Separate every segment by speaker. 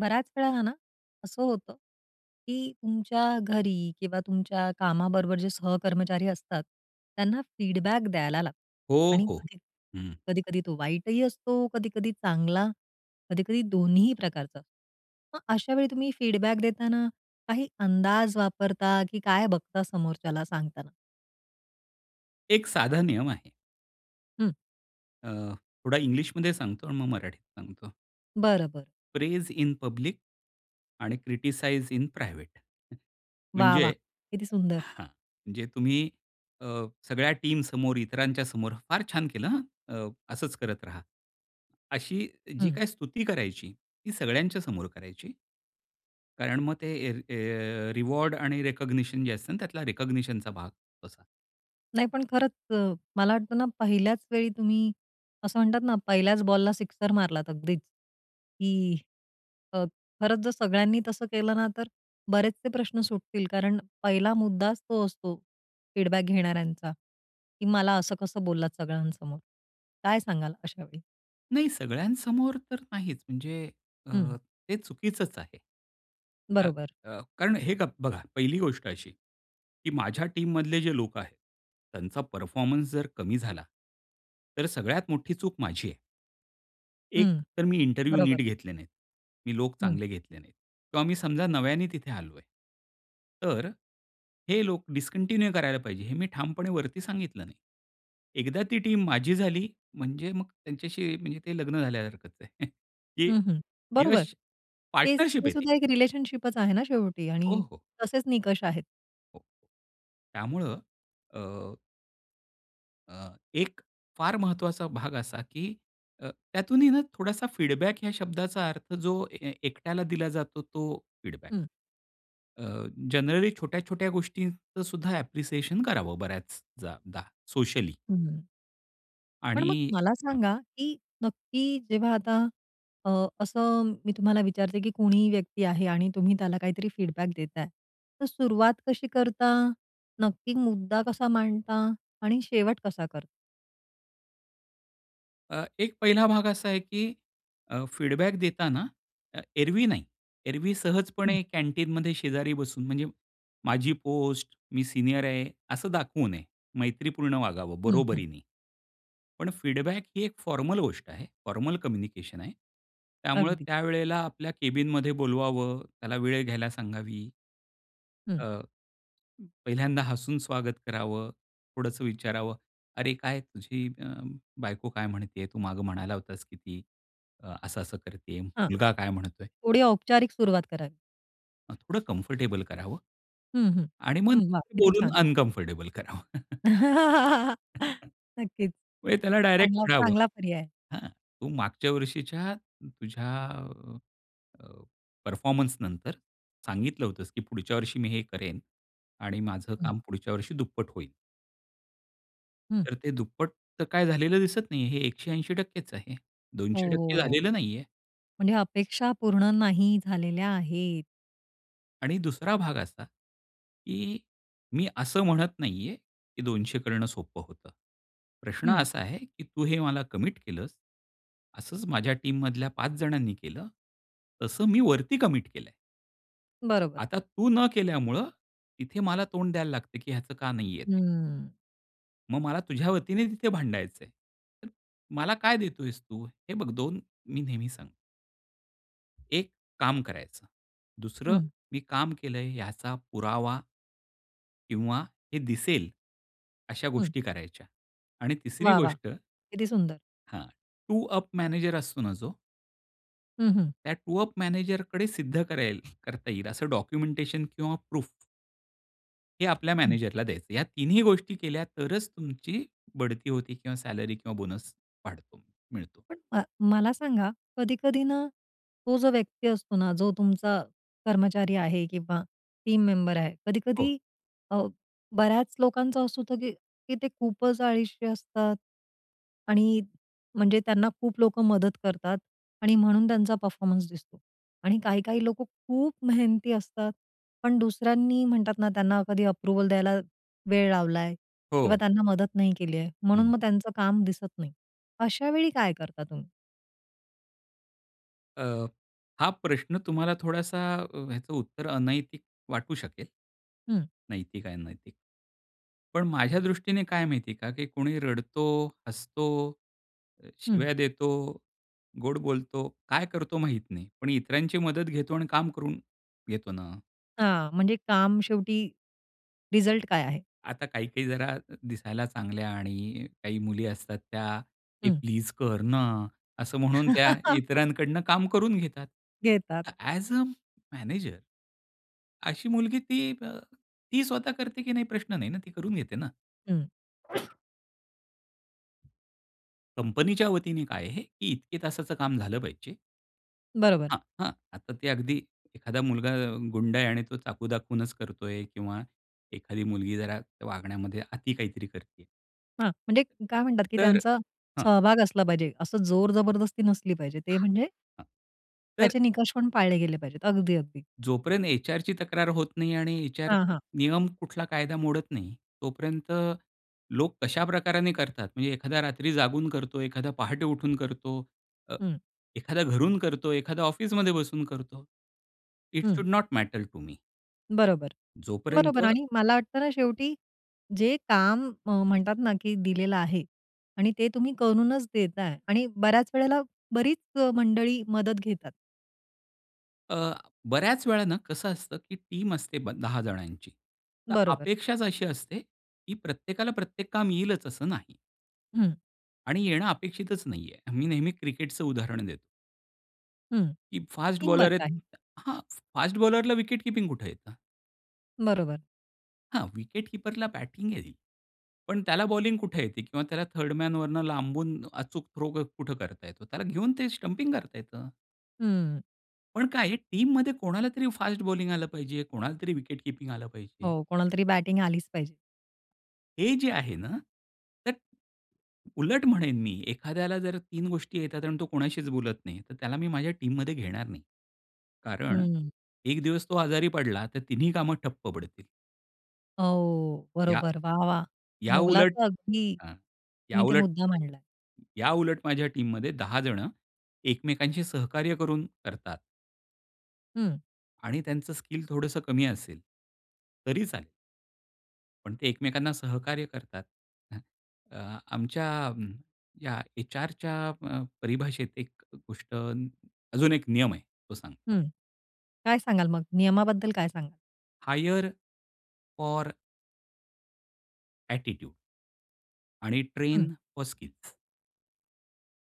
Speaker 1: बराच वेळा आहे ना, असं होतं की तुमच्या घरी किंवा तुमच्या कामाबरोबर जे सहकर्मचारी असतात त्यांना फीडबॅक द्यायला लागतो.
Speaker 2: हो,
Speaker 1: आणि
Speaker 2: हो.
Speaker 1: कधी
Speaker 2: हं.
Speaker 1: कधी-कधी तो वाईटही असतो, कधी-कधी चांगला, कधी-कधी दोन्हीही प्रकारचा अ, मग अशावेळी तुम्ही फीडबॅक देताना काही अंदाज वापरता की काय बघता, समोरच्याला सांगताना.
Speaker 2: एक साधा नियम आहे.
Speaker 1: हं.
Speaker 2: अ, थोडा इंग्लिशमध्ये सांगतो आणि मग मराठीत सांगतो.
Speaker 1: बरं, बरं.
Speaker 2: प्रेज इन पब्लिक आणि क्रिटिसाइज इन प्रायव्हेट.
Speaker 1: वाह,
Speaker 2: म्हणजे
Speaker 1: वाह! किती सुंदर.
Speaker 2: हां म्हणजे तुम्ही अ, सगळ्या टीमसमोर इतरांच्या समोर फार छान केलं, अ, असंच करत राहा. अशी जी
Speaker 1: हं.
Speaker 2: काही स्तुती करायची, ती सगळ्यांच्या समोर करायची. कारण मग ते अ, अ, रिवॉर्ड आणि रिकॉग्निशन जे असतं ना त्यातला रिकॉग्निशनचा भाग असा.
Speaker 1: नाही पण खरंच, अ, मला वाटत ना, पहिल्याच वेळी तुम्ही असं म्हणतात ना, पहिल्याच बॉलला सिक्सर मारलात अगदीच, की अ, खरंच जर सगळ्यांनी तसं केलं ना, तर बरेचसे प्रश्न सुटतील. कारण पहिला मुद्दाच तो असतो, फीडबॅक घेणाऱ्यांचा. की मला असं कसं बोललात सगळ्यांसमोर, काय सांगाल अशावेळी?
Speaker 2: नाही सगळ्यांसमोर तर नाहीच म्हणजे,
Speaker 1: हं.
Speaker 2: अ, ते चुकीचंच आहे. अ,
Speaker 1: बरोबर.
Speaker 2: अ, कारण हे गप बघा पहिली गोष्ट अशी, की माझ्या टीममधले जे लोक आहे, त्यांचा परफॉर्मन्स जर कमी झाला. तर सगळ्यात मोठी चूक माझी आहे. एक
Speaker 1: हं.
Speaker 2: तर मी इंटरव्ह्यू
Speaker 1: बरोबर.
Speaker 2: नीट घेतले नाहीत. मी लोक
Speaker 1: हं.
Speaker 2: चांगले घेतले नाहीत. तर आम्ही समजा नव्याने तिथे आलो आहे. तर हे लोक डिस्कंटिन्यू करायला पाहिजे, हे मी ठामपणे वरती सांगितलं नाही. एकदा ती टीम माझी झाली म्हणजे मग त्यांच्याशी म्हणजे ते लग्न झाल्यासारखच आहे. की
Speaker 1: हं, हं. बरोबर.
Speaker 2: यश
Speaker 1: तेच
Speaker 2: पार्टनरशिप
Speaker 1: ते
Speaker 2: आहे ती.
Speaker 1: सुद्धा एक रिलेशनशिपचं आहे ना शेवटी
Speaker 2: हो,
Speaker 1: आणि
Speaker 2: हो.
Speaker 1: तसेच निकष आहेत.
Speaker 2: त्यामुळे अ अ, एक फार महत्वाचा भाग असा, की अ, त्यातूनही ना थोडासा फीडबॅक या शब्दाचा अर्थ जो ए एकट्याला दिला जातो तो फीडबॅक.
Speaker 1: हं.
Speaker 2: अ, जनरली छोट्या छोट्या गोष्टींचं सुद्धा ॲप्रिसिएशन करावं बऱ्याच जा दा सोशली.
Speaker 1: हम्म.
Speaker 2: आणि
Speaker 1: पण मग मला
Speaker 2: हं.
Speaker 1: सांगा, की नक्की जेव्हा आता अ, असं मी तुम्हाला विचारते, की कोणीही व्यक्ती आहे आणि तुम्ही त्याला काहीतरी फीडबॅक देत आहे. तर सुरुवात कशी करता? नक्की मुद्दा कसा मांडता आणि शेवट कसा करता?
Speaker 2: अ, एक पहिला भाग असा आहे की अ, फीडबॅक देताना अ, एरवी नाही. एरवी
Speaker 1: हं.
Speaker 2: सहजपणे कॅन्टीनमध्ये शेजारी बसून म्हणजे. माझी पोस्ट, मी सीनियर आहे, असं दाखवू नये. मैत्रीपूर्ण वागावं
Speaker 1: हं, हं.
Speaker 2: बरोबरीने. पण फीडबॅक ही एक फॉर्मल गोष्ट आहे, फॉर्मल कम्युनिकेशन आहे. त्यामुळे
Speaker 1: अगदी.
Speaker 2: त्यावेळेला आपल्या कॅबिनमध्ये बोलवावं, त्याला वेळ घ्यायला सांगावी.
Speaker 1: हं.
Speaker 2: अ, पहिल्यांदा हसून स्वागत करावं, थोडंसं विचारावं. "अरे काय तुझी बायको काय म्हणतेय तू मागे म्हणाला होतास की ती. असं-असं करतेय.
Speaker 1: हां.
Speaker 2: मुलगा काय म्हणतोय?"
Speaker 1: थोडी औपचारिक सुरुवात करावी.
Speaker 2: थोडं कम्फर्टेबल करावं.
Speaker 1: हं, हं.
Speaker 2: आणि मग [unintelligible]
Speaker 1: हं. वाह! किती
Speaker 2: बोलून
Speaker 1: छान.
Speaker 2: अनकम्फर्टेबल करावं.
Speaker 1: नक्कीच.
Speaker 2: म्हणजे त्याला डायरेक्ट
Speaker 1: चांगला,
Speaker 2: म्हणावं.
Speaker 1: चांगला पर्याय आहे.
Speaker 2: "हां, तू मागच्या वर्षीच्या तुझ्या अ, अ, परफॉर्मन्सनंतर. सांगितलं होतस की पुढच्या वर्षी मी हे करेन. आणि माझं
Speaker 1: हं.
Speaker 2: काम पुढच्या वर्षी दुप्पट होईल."
Speaker 1: हं.
Speaker 2: तर ते दुप्पट तर काय झालेलं दिसत नाहीये हे 180%च आहे.
Speaker 1: हो,
Speaker 2: दोनशे
Speaker 1: हो,
Speaker 2: टक्के
Speaker 1: हो.
Speaker 2: झालेलं नाहीये.
Speaker 1: म्हणजे अपेक्षा पूर्ण नाही झालेल्या आहेत.
Speaker 2: आणि दुसरा भाग असा की मी असं म्हणत नाहीये की 200 करणं सोप्प होतं. प्रश्न
Speaker 1: हं.
Speaker 2: असा आहे की तू हे मला कमिट केलंस. असंच माझ्या टीममधल्या 5 जणांनी केलं. तसं मी वरती कमिट केलंय.
Speaker 1: बरोबर.
Speaker 2: आता तू न केल्यामुळं, तिथे मला तोंड द्यायला लागते की ह्याचं का नाहीये ते.
Speaker 1: हम्म.
Speaker 2: मग मला तुझ्यावतीने ते तिथे भांडायचंय. तर मला काय देतोयेस तू? हे बघ 2 मी नेहमी सांगतो. एक काम करायचं, दुसरं
Speaker 1: हं.
Speaker 2: मी काम केलंय याचा पुरावा किंवा हे दिसेल, अशा
Speaker 1: हं.
Speaker 2: गोष्टी करायच्या आणि तिसरी
Speaker 1: वाह! वाह!
Speaker 2: गोष्ट
Speaker 1: किती सुंदर!
Speaker 2: हां. टू अप मॅनेजर असतो ना जो
Speaker 1: हं, हं.
Speaker 2: त्या टूअप मॅनेजरकडे सिद्ध करेल करता येईल असं डॉक्युमेंटेशन किंवा प्रूफ हे आपल्या
Speaker 1: हं.
Speaker 2: मॅनेजरला द्यायचं. या तिन्ही गोष्टी केल्या, तरच तुमची बढती होती किंवा सॅलरी किंवा बोनस वाढतो, मिळतो.
Speaker 1: पण अ, मला सांगा. कधी-कधी ना, तो जो व्यक्ती असतो ना, जो तुमचा कर्मचारी आहे किंवा टीम मेंबर आहे.
Speaker 2: हो.
Speaker 1: कधी-कधी अ, बऱ्याच लोकांचं असं होतं की की ते खूपच अळीशी असतात आणि म्हणजे त्यांना खूप लोकं मदत करतात आणि म्हणून त्यांचा परफॉर्मन्स दिसतो. आणि काही-काही लोकं खूप मेहनती असतात, पण दुसऱ्यांनी म्हणतात ना, त्यांना कधी अप्रूव्हल द्यायला वेळ लावलाय किंवा
Speaker 2: हो.
Speaker 1: त्यांना मदत नाही केली आहे, म्हणून
Speaker 2: हं.
Speaker 1: मग त्यांचं काम दिसत नाही. अशावेळी काय करता तुम्ही?
Speaker 2: अ, हा प्रश्न तुम्हाला थोडासा, ह्याचं उत्तर अनैतिक वाटू शकेल.
Speaker 1: हं.
Speaker 2: नैतिक आणि अनैतिक. पण माझ्या दृष्टीने काय माहितीये का? की कोणी रडतो, हसतो, अ,
Speaker 1: हं.
Speaker 2: शिव्या देतो, गोड बोलतो, काय करतो माहित नाही. पण इतरांची मदत घेतो आणि काम करून घेतो ना.
Speaker 1: हां, म्हणजे काम शेवटी रिझल्ट काय आहे?
Speaker 2: आता काही-काही जरा दिसायला चांगल्या आणि काही मुली असतात त्या. "हे
Speaker 1: हं.
Speaker 2: प्लीज कर ना." असं म्हणून त्या इतरांकडनं काम करून घेतात.
Speaker 1: घेतात.
Speaker 2: ॲज अ मॅनेजर अशी मुलगी ती अ, ती स्वतः करते की नाही प्रश्न नाही ना, ती करून घेते ना.
Speaker 1: हं.
Speaker 2: कंपनीच्या वतीने काय आहे? की इतके तासाचं काम झालं पाहिजे.
Speaker 1: बरोबर.
Speaker 2: हां, हां. आता ते अगदी एखादा मुलगा अ, गुंड आहे आणि तो चाकू दाखवूनचं करतोय किंवा एखादी मुलगी जरा वागण्यामध्ये अती काहीतरी करतीय.
Speaker 1: हां, म्हणजे काय म्हणतात कि
Speaker 2: तर,
Speaker 1: त्यांचा
Speaker 2: हां.
Speaker 1: सहभाग असला पाहिजे. असं जोर जबरदस्ती नसली पाहिजे ते म्हणजे,
Speaker 2: हं. तर;
Speaker 1: त्याचे निकष पण पाळले गेले पाहिजेत. अगदी, अगदी.
Speaker 2: जोपर्यंत एचआरची तक्रार होत नाही आणि एचआर
Speaker 1: हां, हां.
Speaker 2: नियम कुठला कायदा मोडत नाही तोपर्यंत लोक कशा प्रकाराने करतात म्हणजे एखादा रात्री जागून करतो, एखादा पहाटे उठून करतो. अ,
Speaker 1: हं.
Speaker 2: एखाद्या घरून करतो, एखादा ऑफिसमध्ये बसून करतो. It
Speaker 1: hmm.
Speaker 2: Should not matter to me.
Speaker 1: बरोबर,
Speaker 2: जोपर्यंत
Speaker 1: बरोबर. आणि मला वाटत ना शेवटी जे काम म म्हणतात ना कि दिलेलं आहे आणि ते तुम्ही करूनचं देताय आणि बऱ्याच वेळेला बरीच अ, मंडळी मदत घेतात.
Speaker 2: अ, बऱ्याच वेळा ना कसं असतं की टीम असते ब 10 जणांची तर
Speaker 1: बरोबर.
Speaker 2: अपेक्षाच अशी असते की प्रत्येकाला प्रत्येक काम येईलच असं नाही.
Speaker 1: हं.
Speaker 2: आणि येणं अपेक्षितच नाहीये. मी नेहमी क्रिकेटच उदाहरण देतो.
Speaker 1: हं.
Speaker 2: की फास्ट बॉलर
Speaker 1: टीमवर्क
Speaker 2: आहेत
Speaker 1: आहे.
Speaker 2: हां, फास्ट बॉलरला विकेट कीपिंग कुठे येत?
Speaker 1: बरोबर.
Speaker 2: हां, विकेट कीपरला बॅटिंग येईल. पण त्याला बॉलिंग कुठे येते किंवा त्याला थर्ड मन वरनं लांबून अचूक थ्रो कुठं करता येतो. त्याला घेऊन ते स्टंपिंग करता येतं.
Speaker 1: हं.
Speaker 2: पण काय आहे टीममध्ये कोणाला तरी फास्ट बॉलिंग आलं पाहिजे, कोणाला तरी विकेट कीपिंग आलं पाहिजे.
Speaker 1: हो. कोणालातरी बॅटिंग आलीच पाहिजे.
Speaker 2: हे जे आहे ना. तर उलट म्हणेन मी एखाद्याला जर 3 गोष्टी येतात आणि तो कोणाशीच बोलत नाही तर त्याला मी माझ्या टीममध्ये घेणार नाही. कारण
Speaker 1: हं. हं.
Speaker 2: एक दिवस तो आजारी पडला तर तिन्ही कामं ठप्प पडतील.
Speaker 1: हो.
Speaker 2: या
Speaker 1: बरोबर. वाह! वाह!
Speaker 2: याउलट
Speaker 1: मौलाचा अगदी
Speaker 2: अ,
Speaker 1: तुम्ही इथे
Speaker 2: याउलट,
Speaker 1: मुद्दा मांडलाय.
Speaker 2: याउलट माझ्या टीममध्ये 10 जण एकमेकांशी सहकार्य करून, करतात.
Speaker 1: हं.
Speaker 2: आणि त्यांचं स्किल थोडंसं कमी असेल. तरी चालेल. पण ते एकमेकांना सहकार्य करतात. ह, अ, आमच्या अ, या एचआरच्या अ, परिभाषेत एक गोष्ट अजून एक नियम आहे तो सांगतो.
Speaker 1: हं. काय सांगाल मग? नियमाबद्दल काय सांगाल?
Speaker 2: Hire or attitude. आणि
Speaker 1: हं.
Speaker 2: Train for skills.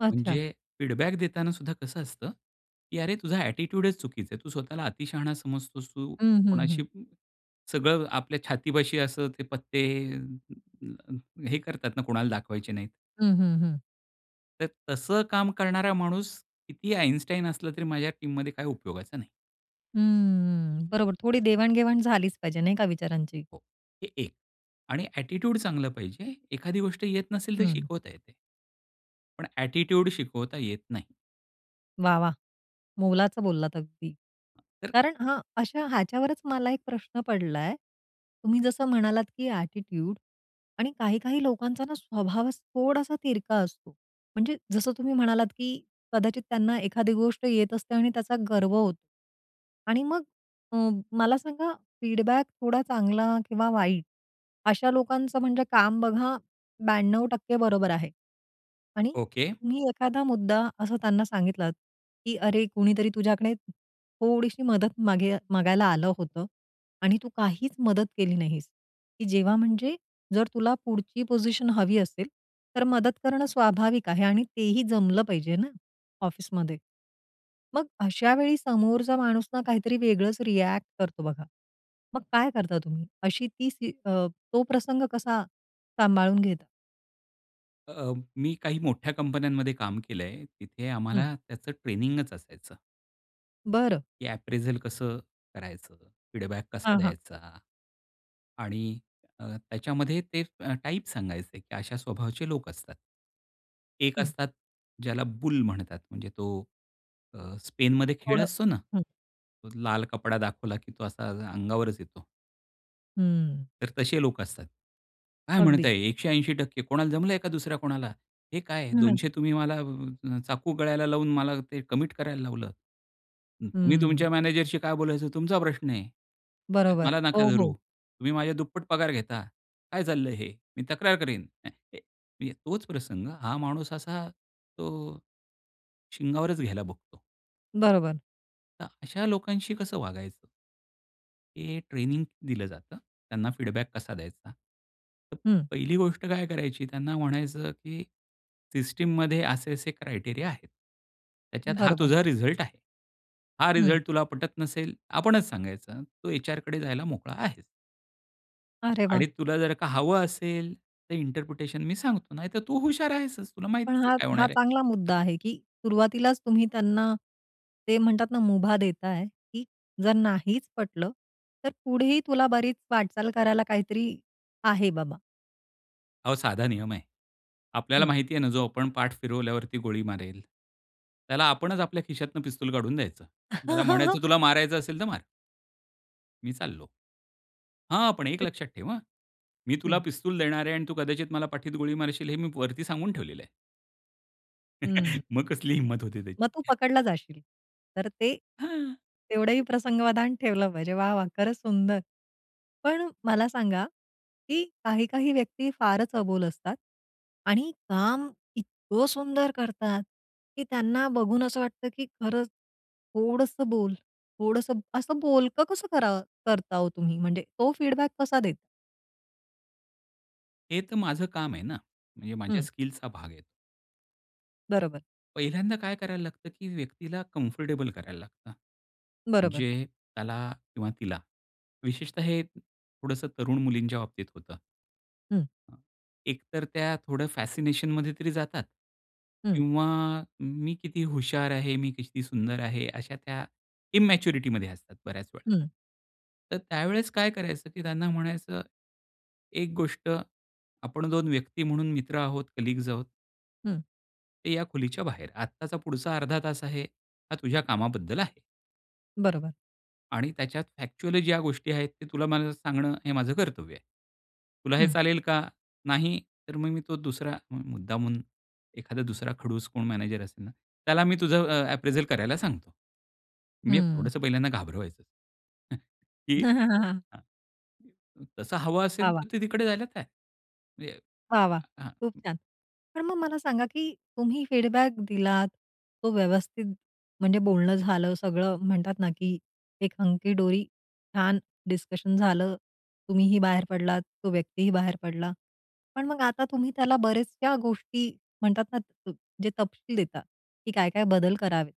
Speaker 1: अच्छा!
Speaker 2: म्हणजे फीडबॅक देताना सुद्धा कसं असतं की "अरे तुझा ॲटिट्यूडच चुकीचा आहे. तू स्वतःला अतिशहाणा समजतोस तू."
Speaker 1: हं, हं,
Speaker 2: कोणाशी
Speaker 1: हं.
Speaker 2: अ, सगळं आपल्या छातीपाशी असं ते पत्ते अं, हे करतात ना कोणाला दाखवायचे नाहीत.
Speaker 1: हं, हं, हं.
Speaker 2: तर तसं काम करणारा माणूस कितीही आइन्स्टाइन असला, तरी माझ्या टीममध्ये काही उपयोगाचं नाही.
Speaker 1: हम्म. बरोबर. थोडी देवाण-घेवाण झालीच पाहिजे नाही का, विचारांची?
Speaker 2: हे एक आणि ॲटिट्यूड चांगलं पाहिजे. एखादी गोष्ट येत नसेल तर
Speaker 1: हं.
Speaker 2: शिकवता येते. पण ॲटिट्यूड शिकवता येत नाही.
Speaker 1: वाह, वाह! मोलाचं बोललात अगदी.
Speaker 2: तर
Speaker 1: कारण हां, अशा ह्याच्यावरच मला एक प्रश्न पडलाय तुम्ही जसं म्हणालात, की ॲटिट्यूड आणि काही, काही लोकांचा ना स्वभावात थोडासा तिरका असतो. म्हणजे जसं तुम्ही म्हणालात, की कदाचित त्यांना एखादी गोष्ट येत असते आणि त्याचा गर्व होतो. आणि मग अ, मला सांगा फीडबॅक थोडा चांगला किंवा वाईट अशा लोकांचं म्हणजे काम बघा 92% बरोबर आहे. आणि
Speaker 2: ओके.
Speaker 1: तुम्ही एखादा मुद्दा असं त्यांना सांगितलात, की "अरे कुणीतरी तुझ्याकडे थोडीशी मदत मागेय मागायला आलं होतं आणि तू काहीच मदत केली नाहीस." की जेव्हा म्हणजे "जर तुला पुढची पोझिशन हवी असेल, तर मदत करणं स्वाभाविक आहे आणि तेही जमलं पाहिजे ना, ऑफिसमध्ये." मग अशावेळी समोरचा माणूस ना काहीतरी वेगळंच रिॲक्ट करतो बघा. मग काय करता तुम्ही? अशी ती स्थि अ, तो प्रसंग कसा सांभाळून घेता?
Speaker 2: अ, मी काही मोठ्या कंपन्यांमध्ये काम केलंय. तिथे
Speaker 1: हं.
Speaker 2: आम्हाला त्याचं ट्रेनिंगच असायचं.
Speaker 1: बरं.
Speaker 2: की अप्रिझल कसं करायचं? फीडबॅक कसा
Speaker 1: हां, हां.
Speaker 2: द्यायचा? आणि अ, त्याच्यामध्ये ते अ, टाइप सांगायचे की अशा स्वभावाचे लोक असतात. एक
Speaker 1: हं.
Speaker 2: असतात ज्याला बुल म्हणतात. म्हणजे तो अ, स्पेनमध्ये खेळ
Speaker 1: थोडं.
Speaker 2: असतो ना.
Speaker 1: हं.
Speaker 2: लाल कपडा दाखवला की तो असा अ-अंगावरच येतो.
Speaker 1: हम्म.
Speaker 2: तर तसे लोक असतात. काय
Speaker 1: अगदी.
Speaker 2: म्हणताय? 180% कोणाला जमलंय का दुसऱ्या कोणाला? हे काय?
Speaker 1: न
Speaker 2: 200 तुम्ही मला अ, चाकू गळ्याला लावून मला ते कमिट करायला लावलं हं तुम्ही
Speaker 1: हम्म.
Speaker 2: तुमच्या मॅनेजरशी काय बोलायचं तुमचा प्रश्न आहे. त्यात
Speaker 1: बरोबर.
Speaker 2: मला नका
Speaker 1: हो,
Speaker 2: धरू.
Speaker 1: हो.
Speaker 2: तुम्ही माझ्या दुप्पट पगार घेता. काय चाललंय हे? मी तक्रार करीन? अ, ए मग तोच प्रसंग हा माणूस असा तो अ, शिंगावरच घ्यायला बघतो.
Speaker 1: बरोबर.
Speaker 2: तर अशा लोकांशी कसं वागायचं? हे ट्रेनिंग दिलं जातं. त्यांना फीडबॅक कसा द्यायचा? तर
Speaker 1: हं.
Speaker 2: पहिली गोष्ट काय करायची त्यांना म्हणायचं की सिस्टममध्ये असे असे क्रायटेरिया आहेत. त्याच्यात हा
Speaker 1: बरोबर.
Speaker 2: तुझा रिझल्ट आहे. हा
Speaker 1: हं.
Speaker 2: रिझल्ट तुला पटत नसेल. आपणच सांगायचं, तू एचआरकडे जायला मोकळा आहेस.
Speaker 1: अरे
Speaker 2: आणि
Speaker 1: वाह!
Speaker 2: तुला जर का हवं असेल, तर इंटरप्रिटेशन मी सांगतो नाहीतर तू हुशार आहेसच तुला
Speaker 1: पण
Speaker 2: माहितीच
Speaker 1: हा-
Speaker 2: काय
Speaker 1: हा
Speaker 2: होणार आहे.
Speaker 1: चांगला मुद्दा आहे की सुरुवातीलाच तुम्ही त्यांना ते म्हणतात ना मुभा देताय. की जर नाहीच पटलं तर पुढेही तुला बरीच वाटचाल करायला काहीतरी आहे बाबा.
Speaker 2: अहो, साधा नियम आहे. आपल्याला
Speaker 1: हं.
Speaker 2: माहिती आहे ना जो आपण पाठ फिरवल्यावरती गोळी मारेल. त्याला आपणच आपल्या खिशातनं पिस्तूल काढून द्यायचं. त्याला म्हणायचं "तुला मारायचं असेल तर मार." मी चाललो. हां! पण एक
Speaker 1: हं.
Speaker 2: लक्षात ठेव हां. मी तुला
Speaker 1: हं.
Speaker 2: पिस्तूल देणार आहे आणि तू कदाचित मला पाठीत गोळी मारशील हे मी वरती सांगून ठेवलेलं आहे.
Speaker 1: हं.
Speaker 2: मग कसली हिम्मत होती
Speaker 1: मग तू
Speaker 2: त्याची?
Speaker 1: पकडला जाशील. तर ते,
Speaker 2: हां
Speaker 1: तेवढंही प्रसंगावधान ठेवलं पाहिजे. वाह, वाह! खरंच सुंदर. पण मला सांगा कि काही-काही व्यक्ती फारच अबोल असतात. आणि काम इतकं सुंदर करतात की त्यांना बघून असं वाटतं की खरंच थोडंस बोल, थोडसं असं बोलकं कसं करावं करता हो तुम्ही म्हणजे तो फीडबॅक कसा देता?
Speaker 2: हे तर माझं काम आहे ना, म्हणजे माझ्या
Speaker 1: हं.
Speaker 2: स्किलचा भाग आहे.
Speaker 1: बरोबर.
Speaker 2: पहिल्यांदा काय करायला लागतं, की व्यक्तीला कम्फर्टेबल करायला लागतं.
Speaker 1: बरोबर.
Speaker 2: जे, त्याला किंवा तिला. विशेषतः हे, थोडंसं तरुण मुलींच्या बाबतीत होतं.
Speaker 1: हं.
Speaker 2: हं. एकतर त्या थोडं फॅसिनेशन मध्ये तरी जातात.
Speaker 1: हं.
Speaker 2: किंवा मी किती हुशार आहे, मी किती सुंदर आहे, अशा त्या, इन्मॅच्युरिटी मध्ये असतात बऱ्याच वेळा.
Speaker 1: हं.
Speaker 2: तर त्यावेळेस काय करायचं की त्यांना म्हणायचं. एक गोष्ट आपण 2 व्यक्ती म्हणून मित्र आहोत, कलीग्स आहोत.
Speaker 1: हं.
Speaker 2: ते या खोलीच्या बाहेर आत्ताचा पुढचा अर्धा तास आहे. हा तुझ्या कामाबद्दल आहे.
Speaker 1: बरोबर.
Speaker 2: आणि त्याच्यात फॅक्च्युअल ज्या गोष्टी आहेत ते तुला मला सांगणं, हे माझं कर्तव्य आहे. तुला हे
Speaker 1: हं.
Speaker 2: चालेल का? नाही, तर मग मी तो दुसरा मुद्दामून, एखादा दुसरा खडूस कोण मॅनेजर असेल ना. त्याला मी तुझं अ, अप्रेजल करायला सांगतो. मी,
Speaker 1: हं.
Speaker 2: थोडंसं पहिल्यांदा घाबरवायचं. हं, की हं. तसं हवं
Speaker 1: वाह!
Speaker 2: असेल
Speaker 1: वाह!
Speaker 2: तर ते तिकडे जायला तयार. म्हणजे.
Speaker 1: वाह! वाह!
Speaker 2: हं.
Speaker 1: खूप छान. पण मग मला सांगा, की तुम्ही फीडबॅक दिलात. तो व्यवस्थित, म्हणजे बोलणं झालं सगळं म्हणतात ना, की एक हंकी डोरी. छान डिस्कशन झालं. तुम्ही ही बाहेर पडलात, तो व्यक्ती ही बाहेर पडला. पण मग आता तुम्ही त्याला बऱ्याचश्या गोष्टी म्हणतात ना, जे तपशील देतात की काय-काय बदल करावेत.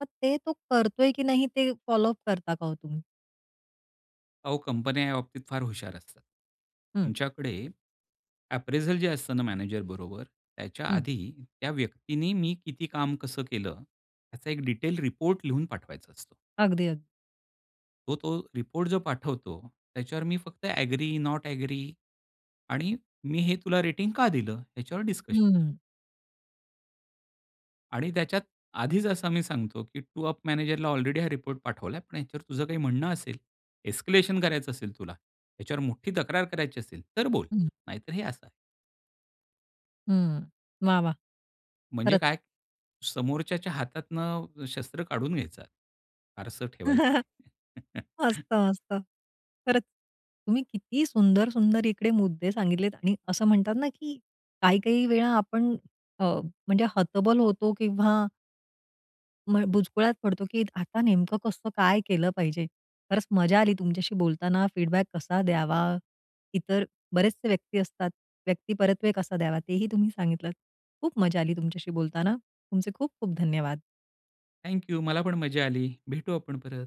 Speaker 1: मग ते तो करतोय की नाही ते फॉलो अप करता का हो तुम्ही?
Speaker 2: अहो कंपन्या या बाबतीत फार हुशार असतात.
Speaker 1: हं.
Speaker 2: तुमच्याकडे अप्रेझल जे असतं ना मॅनेजर बरोबर, त्याच्या
Speaker 1: हं.
Speaker 2: आधी त्या व्यक्तीनी मी किती काम कसं केलं? याचा एक डिटेल रिपोर्ट लिहून पाठवायचा असतो.
Speaker 1: अगदी, अगदी.
Speaker 2: हो तो रिपोर्ट जो पाठवतो, त्याच्यावर मी फक्त ॲग्री, नॉट ॲग्री आणि मी हे तुला रेटिंग का दिलं? याच्यावर डिस्कशन.
Speaker 1: हम्म.
Speaker 2: आणि त्याच्यात आधीचं असं आम्ही सांगतो, की टू अप मॅनेजरला ऑलरेडी हा रिपोर्ट पाठवला आहे. पण ह्याच्यावर तुझं काही म्हणणं असेल, एस्केलेशन करायचं असेल तुला, ह्याच्यावर मोठी तक्रार करायची असेल, तर बोल
Speaker 1: हं.
Speaker 2: नाहीतर हे असं आहे.
Speaker 1: हम्म. वाह! वाह!
Speaker 2: म्हणजे
Speaker 1: खरंच.
Speaker 2: काय? समोरच्याच्या हातातनं शस्त्र काढून घ्यायचं, फारसं ठेवायचं नाही.
Speaker 1: असतं, असतं. खरंच तुम्ही किती सुंदर, सुंदर इकडे मुद्दे सांगितलेत आणि असं म्हणतात ना, की काही-काही वेळा आपण अ, म्हणजे हतबल होतो किंवा म बुचकुळ्यातं पडतो की आता नेमकं कसं काय केलं पाहिजे? खरंच मजा आली तुमच्याशी बोलताना फीडबॅक कसा द्यावा? इतर बरेचसे व्यक्ती असतात, व्यक्तिपरत्वे कसा द्यावा? तेही तुम्ही सांगितलतं. खूप मजा आली तुमच्याशी बोलताना तुमचे खूप खूप धन्यवाद.
Speaker 2: Thank you. मला पण मजा आली. भेटू आपण परत.